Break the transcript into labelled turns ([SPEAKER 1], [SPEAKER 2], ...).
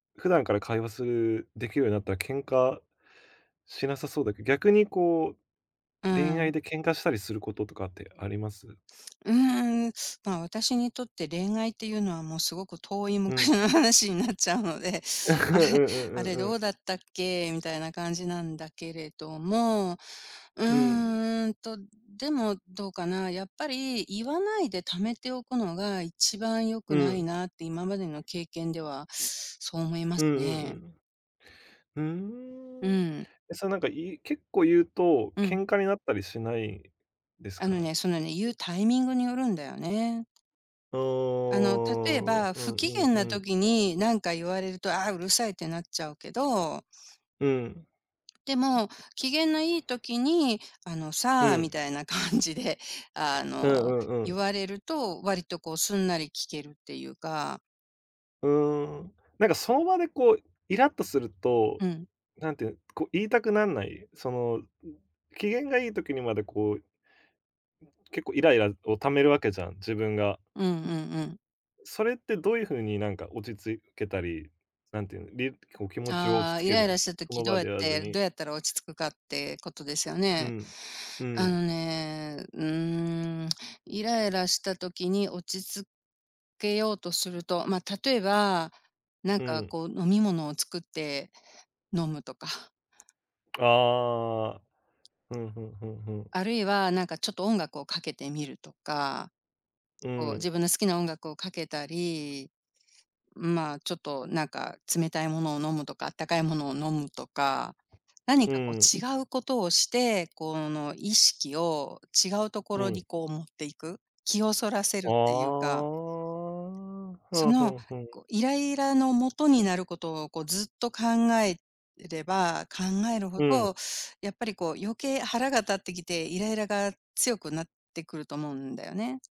[SPEAKER 1] 普段から会話するできるようになったら喧嘩しなさそうだけ逆に、こ
[SPEAKER 2] うー
[SPEAKER 1] う、恋愛
[SPEAKER 2] ん。
[SPEAKER 1] で喧嘩したりすることとかってあります？
[SPEAKER 2] うーん、ま、私にとって恋愛っていうのは、もうすごく遠い
[SPEAKER 1] う
[SPEAKER 2] 昔
[SPEAKER 1] ん。
[SPEAKER 2] の話になっちゃうので、
[SPEAKER 1] うん
[SPEAKER 2] あれ、
[SPEAKER 1] う
[SPEAKER 2] あ
[SPEAKER 1] んう
[SPEAKER 2] れ
[SPEAKER 1] んう
[SPEAKER 2] ど
[SPEAKER 1] ん。
[SPEAKER 2] うだったっけみたいな感じなんだけれども、う
[SPEAKER 1] うん。
[SPEAKER 2] ーんと、でも、どうかな。やっぱり言わないで貯めておくのが一番良
[SPEAKER 1] う
[SPEAKER 2] くな
[SPEAKER 1] ん。
[SPEAKER 2] いなって今までの経験では、そう思いま
[SPEAKER 1] うん
[SPEAKER 2] す
[SPEAKER 1] う
[SPEAKER 2] ね。
[SPEAKER 1] んうんう
[SPEAKER 2] う
[SPEAKER 1] ん。うーん、
[SPEAKER 2] ん。
[SPEAKER 1] え、そう、なんか、言う結構言うと
[SPEAKER 2] うん。
[SPEAKER 1] 喧嘩になったりしないです
[SPEAKER 2] あの
[SPEAKER 1] か？
[SPEAKER 2] ね、そのね、言うタイミングによるんだよね。
[SPEAKER 1] ああ、う
[SPEAKER 2] あの、例え
[SPEAKER 1] ん
[SPEAKER 2] ば、
[SPEAKER 1] う
[SPEAKER 2] 不機嫌
[SPEAKER 1] ん
[SPEAKER 2] な
[SPEAKER 1] う
[SPEAKER 2] 時
[SPEAKER 1] ん。
[SPEAKER 2] になんか言われると、ああ、うるさいってなっちゃうけど
[SPEAKER 1] うん。
[SPEAKER 2] でも、機嫌のいい時に、あの
[SPEAKER 1] う
[SPEAKER 2] さあ、み
[SPEAKER 1] ん。
[SPEAKER 2] たいな感じで、あ
[SPEAKER 1] う
[SPEAKER 2] の、
[SPEAKER 1] んうんう
[SPEAKER 2] 言
[SPEAKER 1] ん。
[SPEAKER 2] われると、割とこう、すんなり聞けるっていうか。
[SPEAKER 1] うーん、なんか、その場でこうイラっとすると、
[SPEAKER 2] うん。
[SPEAKER 1] なんて言う、こ、言いたくなんない？その、ん、機嫌がいい時にまで、こう結構イライラあるを貯めるわけじゃん、自分が。
[SPEAKER 2] うんうんうん。
[SPEAKER 1] それってどういう風に、なんか、落ち着けたり、なんて言うの、りこう気持ちを落
[SPEAKER 2] あ
[SPEAKER 1] ち
[SPEAKER 2] あ、
[SPEAKER 1] 着
[SPEAKER 2] イ
[SPEAKER 1] け
[SPEAKER 2] ラ
[SPEAKER 1] る
[SPEAKER 2] イ
[SPEAKER 1] ん？
[SPEAKER 2] ラした
[SPEAKER 1] そ
[SPEAKER 2] 時
[SPEAKER 1] の
[SPEAKER 2] どう
[SPEAKER 1] 場
[SPEAKER 2] やっ
[SPEAKER 1] でやらず
[SPEAKER 2] て、ど
[SPEAKER 1] に。
[SPEAKER 2] うやったら落ち着くかってことですよ
[SPEAKER 1] う
[SPEAKER 2] ね。
[SPEAKER 1] ん。う
[SPEAKER 2] あの
[SPEAKER 1] ん。
[SPEAKER 2] ね、うーん、イライラした時に落ち着けようとすると、ま、例えば、なん
[SPEAKER 1] う
[SPEAKER 2] か、
[SPEAKER 1] ん。
[SPEAKER 2] こう、飲み物を作って飲むとか。
[SPEAKER 1] ああ、ふんふんふんふん。
[SPEAKER 2] あるいはなんかちょっと音楽をかけてみるとか。
[SPEAKER 1] う
[SPEAKER 2] こ
[SPEAKER 1] ー
[SPEAKER 2] う、自
[SPEAKER 1] ん。
[SPEAKER 2] 分の好きな音楽をかけたり、まあ、ちょっと、なんか冷たいものを飲むとか、暖かいものを飲むとか。何
[SPEAKER 1] う
[SPEAKER 2] かこ
[SPEAKER 1] ーん。
[SPEAKER 2] う違うことをして、こう、あの、意識を違う
[SPEAKER 1] う
[SPEAKER 2] 所に
[SPEAKER 1] ん。
[SPEAKER 2] こう持っていく。気をそらせ
[SPEAKER 1] あ
[SPEAKER 2] る
[SPEAKER 1] あ、
[SPEAKER 2] っていうか。
[SPEAKER 1] ふ
[SPEAKER 2] そ
[SPEAKER 1] んふ
[SPEAKER 2] の、
[SPEAKER 1] んふん。
[SPEAKER 2] こ、イライラの元になることを、こう、ずっと考えれば考えるほ
[SPEAKER 1] うん。
[SPEAKER 2] ど、やっぱり、こう、余計腹が立ってきて、イライラが強くなってくると思うんだよね。